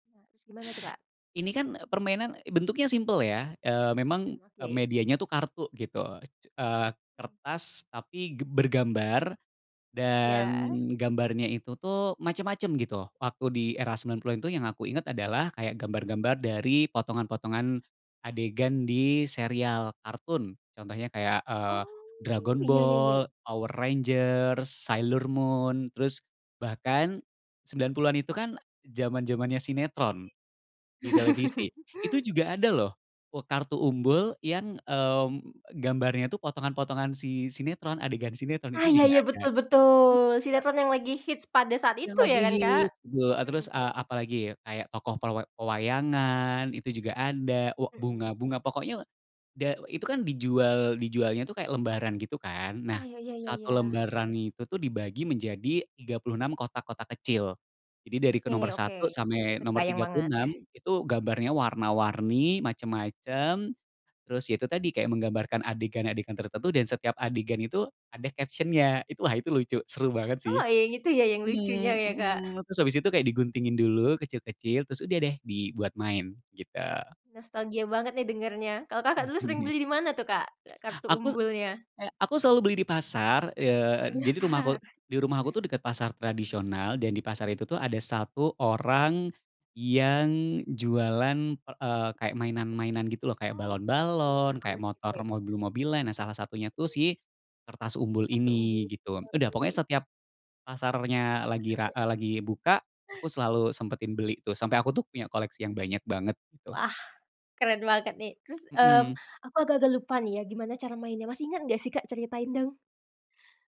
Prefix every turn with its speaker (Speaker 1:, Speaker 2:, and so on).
Speaker 1: Maksud gimana tuh Kak?
Speaker 2: Ini kan permainan, bentuknya simpel ya. Eee, memang
Speaker 1: Mmm,
Speaker 2: eee,
Speaker 1: oke.
Speaker 2: medianya tuh kartu gitu. E c eee,
Speaker 1: Mmm.
Speaker 2: kertas tapi ge bergambar dan
Speaker 1: Iya.
Speaker 2: gambarnya itu tuh macem-macem gitu. Waktu di era 90-an itu yang aku inget adalah kayak gambar-gambar dari potongan-potongan adegan di serial kartun. Contohnya kayak, eee,
Speaker 1: Oh,
Speaker 2: Dragon
Speaker 1: iya iya-iya.
Speaker 2: Ball, Power Rangers, Sailor Moon, terus bahkan 90-an itu kan zaman-zamannya sinetron di televisi. Itu juga ada loh, eee, kartu umbul yang, mmm, gambarnya itu potongan-potongan si sinetron, adegan sinetron itu
Speaker 1: Ah iya
Speaker 2: juga
Speaker 1: iya,
Speaker 2: ada
Speaker 1: betul betul.
Speaker 2: [unintelligible]
Speaker 1: Sinetron yang lagi hits pada saat
Speaker 2: Yang
Speaker 1: itu ya
Speaker 2: lagi
Speaker 1: kan Kak?
Speaker 2: hits. Eee,
Speaker 1: Mhm.
Speaker 2: terus eee, apalagi kayak tokoh pelwa pewayangan itu juga ada wa
Speaker 1: Mhm.
Speaker 2: bunga-bunga pokoknya da itu kan dijual dijualnya tuh kayak lembaran gitu kan.
Speaker 1: Oh,
Speaker 2: Nah
Speaker 1: ya ya ya
Speaker 2: satu
Speaker 1: ya.
Speaker 2: lembaran itu tuh dibagi menjadi 36 kotak-kotak kecil. Jadi dari ke nomor
Speaker 1: Oke, oke,
Speaker 2: satu sampai nomor
Speaker 1: terbayang
Speaker 2: tiga puluh
Speaker 1: banget.
Speaker 2: enam itu gambarnya warna-warni macem-macem. Terus itu tadi kayak menggambarkan adegan-adegan tertentu dan setiap adegan itu ada caption-nya itu wah itu lucu seru banget sih.
Speaker 1: Oh ya itu ya yang lucunya
Speaker 2: Mmm,
Speaker 1: ya Kak.
Speaker 2: mhm, terus abis itu kayak diguntingin dulu kecil-kecil terus udah deh dibuat main, gitu.
Speaker 1: Nostalgia banget nih dengernya. Kalo Kakak, dulu sering
Speaker 2: Mhm.
Speaker 1: beli dimana tuh Kak, eee, kartu
Speaker 2: Aku
Speaker 1: umbulnya?
Speaker 2: kayak aku selalu beli di pasar, eee, jadi rumahku,
Speaker 1: Penasaran.
Speaker 2: di rumahku tuh deket pasar tradisional dan di pasar
Speaker 1: Mmm.
Speaker 2: itu tuh ada 1 orang yang jualan per eee, kayak mainan-mainan gitu loh, kayak
Speaker 1: Oh,
Speaker 2: balon-balon,
Speaker 1: menarik
Speaker 2: kayak
Speaker 1: banget.
Speaker 2: motor
Speaker 1: Oke.
Speaker 2: mobil-mobilan, nah salah satunya tuh sih kertas umbul
Speaker 1: 1 umbul,
Speaker 2: ini gitu. Udah
Speaker 1: oke.
Speaker 2: pokoknya setiap pasarnya lagi ra eee, lagi buka, aku selalu sempetin beli tuh sampe aku tuh punya koleksi yang banyak banget, gitu.
Speaker 1: Wah, keren banget nih. Terus mmm,
Speaker 2: Mhm.
Speaker 1: aku agak-agak lupa nih ya gimana cara mainnya, masih inget enggak sih Kak? Ceritain dong.